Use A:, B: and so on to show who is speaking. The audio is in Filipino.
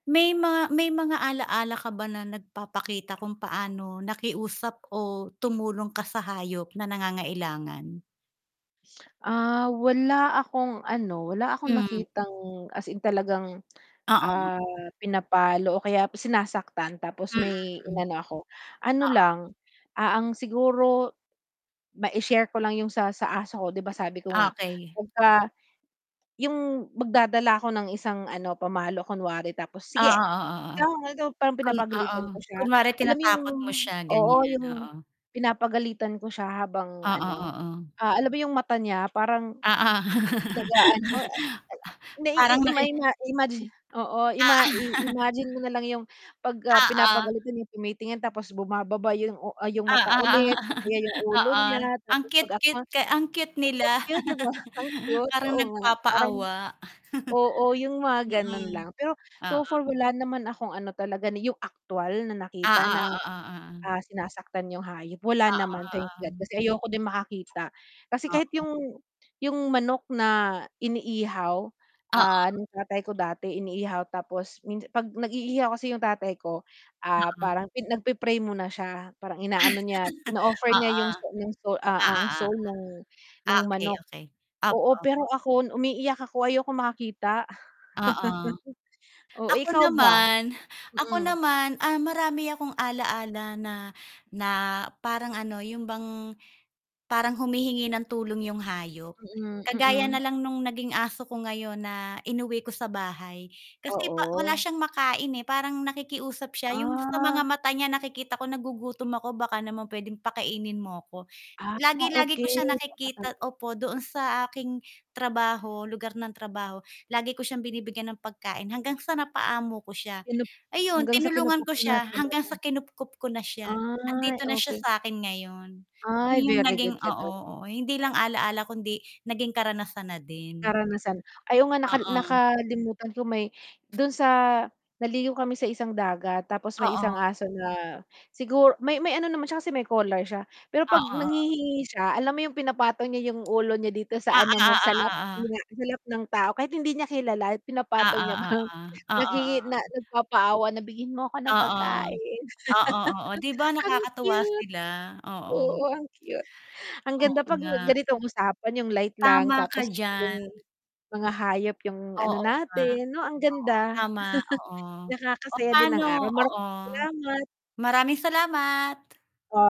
A: May mga may mga ala-ala ka ba na nagpapakita kung paano nakiusap o tumulong ka sa hayop na nangangailangan?
B: Ah, wala akong, ano, wala akong
A: Hmm.
B: nakitang as in talagang,
A: Oo, oo.
B: ah, pinapalo o kaya p sinasaktan tapos
A: Mm,
B: may
A: hmm.
B: inano ako. Ano
A: Oo.
B: lang, ah, ang siguro mai-share ko lang 'yong sa sa aso ko. 'Di ba, sabi ko nga
A: Okey.
B: 'pagka 'yong magdadala ako ng isang ano, pamalo kunwari. Tapos,
A: Oo,
B: "Sige!
A: oo, oo.
B: Ikaw maldo" parang
A: Kun oo,
B: pinapagalitan ko siya.
A: kunwari
B: Alam mo 'yong
A: tinatakot mo siya,
B: oo,
A: ganiyan,
B: 'yong
A: oo.
B: pinapagalitan ko siya habang
A: Oo,
B: ano,
A: oo.
B: ah, alam mo 'yong, mata niya parang
A: Oo.
B: nag-aano, ah,
A: Parang
B: na-ii ima
A: naki Oo.
B: ima imaginin mo, oo, ima i-imagine mo na lang 'yong 'pag, ah,
A: Oo.
B: pinapagalitan 'yong tumitingin tapos bumababa 'yong u ah, 'yong
A: Oo,
B: mata
A: oo, oo.
B: ulit o kaya 'yong ulo niya
A: Ang
B: tapos 'pag at ma
A: cute-cute kay ang cute
B: oo,
A: nila.
B: kaya 'di ba, ang cute.
A: Parang
B: Oo nga parang
A: nagpapaawa.
B: oo, 'yong mga gano'n
A: Mm,
B: lang. Pero so
A: oo.
B: far, wala naman akong ano talaga na 'yong aktuwal na nakita
A: Oo,
B: na,
A: oo, oo, oh.
B: ah, sinasaktan 'yong hayop. Wala
A: Oo,
B: naman, thank God,
A: oo.
B: kasi ayoko din makakita. Kasi kahit
A: Oo.
B: 'yong 'yong manok na iniihaw, ah,
A: Oo.
B: ng tatay ko dati iniihaw tapos minsa 'pag nag-iihaw kasi 'yong tatay ko, ah,
A: Oo.
B: parang pin nagpi-pray muna siya. Parang inaano niya, ino-offer niya
A: Oo.
B: 'yong so no'ng soul, ah,
A: Oo,
B: ang
A: oo.
B: soul no'ng no'ng
A: Okey,
B: manok.
A: okey. Opo,
B: Oo,
A: opo.
B: pero ako, umiiyak ako, ayokong makakita.
A: Oo,
B: Oh, eh,
A: ako
B: ikaw ba?
A: naman ako
B: Mm.
A: naman, ah, marami akong ala-ala na na parang ano, 'yon bang parang humihingi ng tulong 'yong hayop.
B: Mm,
A: Kagaya
B: mm.
A: na lang no'ng naging aso ko ngayon na inuwi ko sa bahay kasi pa wala
B: Oo.
A: siyang makain, eh. Parang nakikiusap siya. 'Yong sa
B: Ah.
A: mga mata niya nakikita ko, "Nagugutom ako baka naman puwedeng pakainin mo ako."
B: Ah,
A: Lagi-lagi
B: okey.
A: ko siya nakikita
B: [unintelligible]
A: opo, doon sa aking trabaho, lugar ng trabaho. Lagi ko siyang binibigyan ng pagkain hanggang sa napaamo ko siya.
B: Kinup
A: Ayun,
B: hanggang sa
A: tinulungan
B: kinupkop
A: ko
B: mo na
A: siya hanggang
B: talaga.
A: sa kinupkop ko na siya.
B: Ay,
A: 'Andito na siya
B: okey.
A: sa 'kin ngayon.
B: Ay,
A: Iyong
B: very
A: naging
B: good ka
A: oo,
B: do'n.
A: oo. Hindi lang ala-ala kundi naging karanasan na din.
B: Karanasan. Ay oo nga, nakal
A: Oo.
B: nakalimutan ko may do'n sa naligo kami sa isang dagat. Tapos may isang
A: Oo.
B: aso na siguro may may ano naman siya kasi may collar siya. Pero 'pag
A: Oo, oo.
B: nanghihingi siya, alam mo 'yong pinapatong niya 'yong ulo niya dito sa
A: Oo,
B: ano mo,
A: oo,
B: sa lap, 'yon
A: oo.
B: nga, sa lap ng tao. Kahit hindi niya kilala pinapatong
A: Oo,
B: niya
A: oo.
B: parang
A: Oo,
B: nakiki
A: oo.
B: na nagpapaawa na, "Bigyan mo ako ng
A: Oo.
B: pagkain."
A: Oo, oo, 'di ba
B: Ang
A: nakakatuwa
B: cute.
A: sila? Oo.
B: Oo, ang cute. Ang
A: Oo
B: ganda 'pag nag
A: nga.
B: ganitong usapan 'yong light lang
A: Tama ka
B: tapos
A: diyan.
B: 'yong mga hayop 'yong ano
A: Oo nga.
B: natin, 'no, ang
A: Oo,
B: ganda.
A: tama, oo. Oh,
B: Nakakasaya din ng
A: pa'no,
B: araw,
A: oo.
B: maraming salamat.
A: Maraming salamat.
B: O